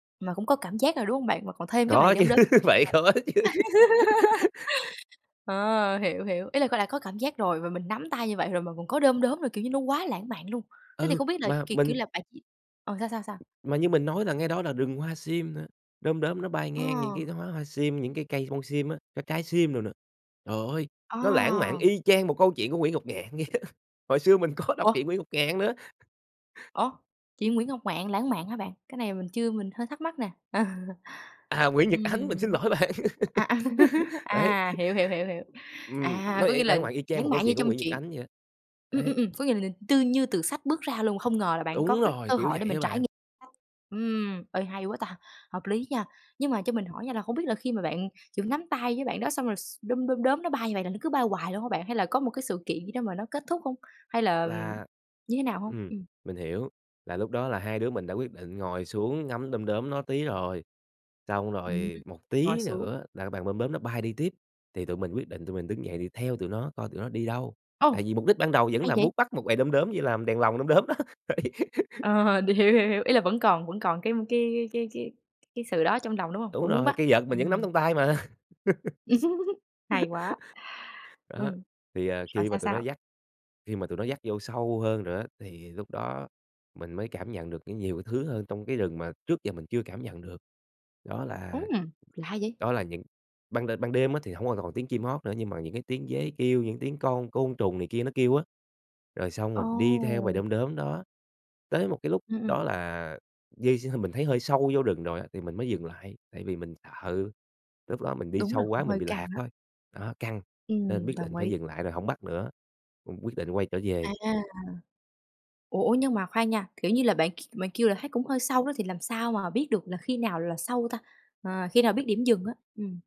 Mà cũng có cảm giác rồi, đúng hông bạn? Mà còn thêm cái bầy Có chứ, đom đóm bạn đó phải ngộp. có chứ. Ờ, hiểu, hiểu, ý là có đã có cảm giác rồi và mình nắm tay như vậy rồi mà còn có đom đóm rồi, kiểu, như nó quá lãng mạn luôn. Thế thì Ừ, không biết là, mà kiểu, kiểu, mình là bạn chỉ ờ, sao, sao, sao? Mà như mình nói là ngay đó là rừng hoa sim nữa, đom đóm nó bay Ờ. ngang những cái đoá hoa sim, những cái cây bông sim á, cái trái sim đồ nữa. Trời ơi, Ờ. nó lãng mạn y chang một câu chuyện của Nguyễn Ngọc Ngạn vậy đó, hồi xưa mình có đọc Ủa? truyện Nguyễn Ngọc Ngạn nữa. Ủa? Truyện Nguyễn Ngọc Ngạn lãng mạn hả bạn? Cái này mình chưa, mình hơi thắc mắc nè. Ờ. À, Nguyễn Nhật Ánh, mình xin Ừm. lỗi bạn! À, à, Đấy. à, hiểu, hiểu, hiểu, hiểu. Ừm, À, nó có vậy nghĩa là lãng mạn y chang lãng một câu mạn như chuyện của trong Nguyễn Nhật truyện Ánh vậy đó, Ừm, đấy. ừm, ừm. Có nghĩa là [unintelligible] tư như từ sách bước ra luôn, không ngờ là bạn có Đúng cái rồi, cơ kiểu hội để vậy mình á trải bạn. nghiệm. Ừm, ê, hay quá ta, hợp lý nha! Nhưng mà cho mình hỏi nha là không biết là khi mà bạn chỉ có nắm tay với bạn đó xong rồi s đom đom đóm nó bay như vậy là nó cứ bay hoài luôn hả bạn? Hay là có một cái sự kiện gì đó mà nó kết thúc hông? Hay là Là như thế nào hông? ừm, Ừm. mình hiểu. Là lúc đó là hai đứa mình đã quyết định ngồi xuống ngắm đom đóm nó tí rồi xong Ừm. rồi một Ngồi tí xuống. nữa là cái bàn đom đóm nó bay đi tiếp thì tụi mình quyết định tụi mình đứng dậy đi theo tụi nó coi tụi nó đi đâu, tại Ồ! vì mục đích ban đầu vẫn Hay là vậy! muốn bắt một bầy đom đóm về làm đèn lồng đom đóm đó, đấy. Ờ, đ hiểu, hiểu, hiểu. Ý là vẫn còn vẫn còn cái cái cái cái cái sự đó trong lòng, đúng hông? Đúng Vẫn muốn rồi. bắt. Cây vợt mình vẫn nắm Ừm. trong tay mà. Hay quá. Đó. Ừm. Thì, à, Rồi khi mà sao, tụi nó sao? dắt khi mà tụi nó dắt vô sâu hơn rồi á, thì lúc đó mình mới cảm nhận được có nhiều thứ hơn trong cái rừng mà trước giờ mình chưa cảm nhận được đó là Ưm, lạ vậy! đó là những ban đên ban đêm á thì hông có còn tiếng chim hót nữa, nhưng mà những cái tiếng dế kêu, những tiếng con côn trùng này kia nó kêu á, rồi xong rồi đi theo bầy Ồ! đom đóm đó tới một cái lúc Ừm, ừm. đó là di x mình thấy hơi sâu vô rừng rồi á thì mình mới dừng lại, tại vì mình sợ lúc đó mình đi Đúng sâu rồi, quá cũng mình hơi bị lạc căng á. thôi. Đó, căng! Nên Ừm, biết đồng định phải ý. dừng lại rồi hổng bắt nữa, cũng quyết định quay trở À. về. Ủa, ủa? Nhưng mà khoan nha, kiểu, như là bạn k bạn kêu là thấy cũng hơi sâu đó thì làm sao mà biết được là khi nào là sâu ta? À, khi nào biết điểm dừng á? Ừm.